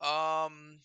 Um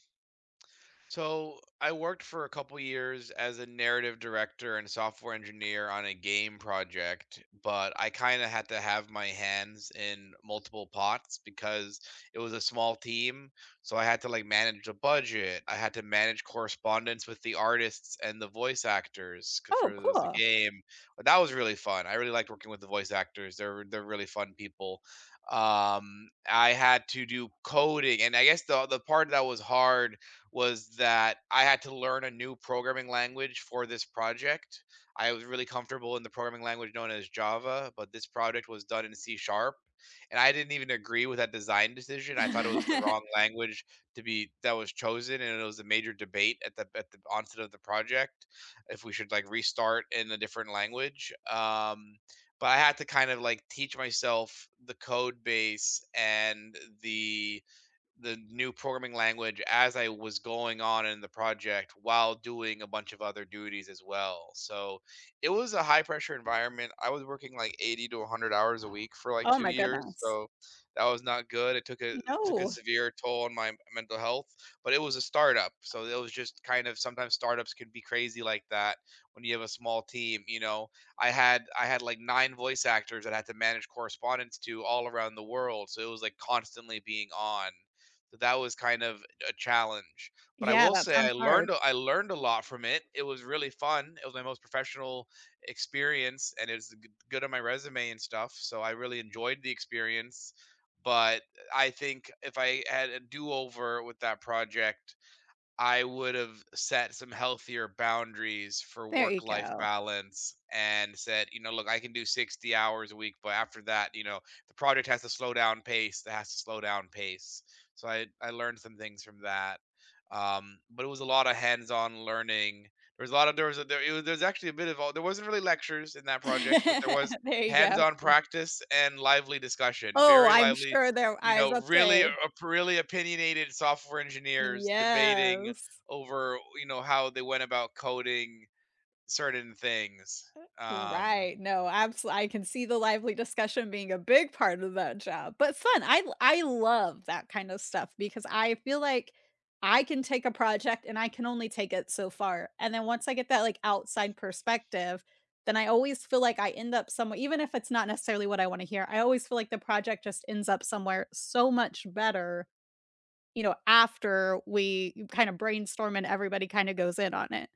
So I worked for a couple years as a narrative director and software engineer on a game project, but I kinda had to have my hands in multiple pots because it was a small team. So, I had to, like, manage a budget, I had to manage correspondence with the artists and the voice actors c for Oh, those in the cool. game, but that was really fun. I really liked working with the voice actors, they're they're really fun people. Um, I had to do coding, and I guess the the part that was hard was that I had to learn a new programming language for this project. I was really comfortable in the programming language known as Java, but this project was done in C#, and I didn't even agree with that design decision, I thought it was the wrong language to be that was chosen, and it was a major debate at the at the onset of the project, if we should, like, restart in a different language. Um, but I had to kinda, like, teach myself the code base and the the new programming language as I was going on in the project while doing a bunch of other duties as well. So it was a high-pressure environment, I was working, like, 80 to 100 hours a week for, like, Oh 2 my years, goodness. so that was not good, it took a it took a No. severe toll on my mental health, but it was a start-up, so there was just, kind of, sometimes start-ups can be crazy like that when you have a small team, you know. I had I had, like, 9 voice actors that I had to manage correspondence to all around the world, so it was, like, constantly being "on." So that was kind of a challenge, but I Yeah, will that say I sounds learned hard. a I learned a lot from it, it was really fun. It was my most professional experience, and is a g good on my resume and stuff, so I really enjoyed the experience, but, eh, I think, if I had a do-over with that project, I would've set some healthier boundaries for There you work-life go. balance and said, "You know, look, I can do 60 hours a week, but after that, you know, the project has to slow down pace. It has to slow down pace." So I'd I learned some things from that. Um, but it was a lot of hands-on learning. There was a lot there was a there it w there was actually a bit of all there wasn't really lectures in that project, but there was There you go. hands-on practice and lively discussion, Oh, very I'm lively, sure there you I was know, about to really say. op really opinionated software engineers debating Yes. over, you know, how they went about coding certain things, Eh, um right. No, absol I can see the lively discussion being a big part of that job, but fun. l l I love that kind of stuff because I feel like I can take a project and I can only take it so far, and then once I get that, like, outside perspective, then I always feel like I end up somewhe even if it's not necessarily what I wanna hear, I always feel like the project just ends up somewhere so much better, you know, after we kinda brainstorm and everybody kinda goes in on it.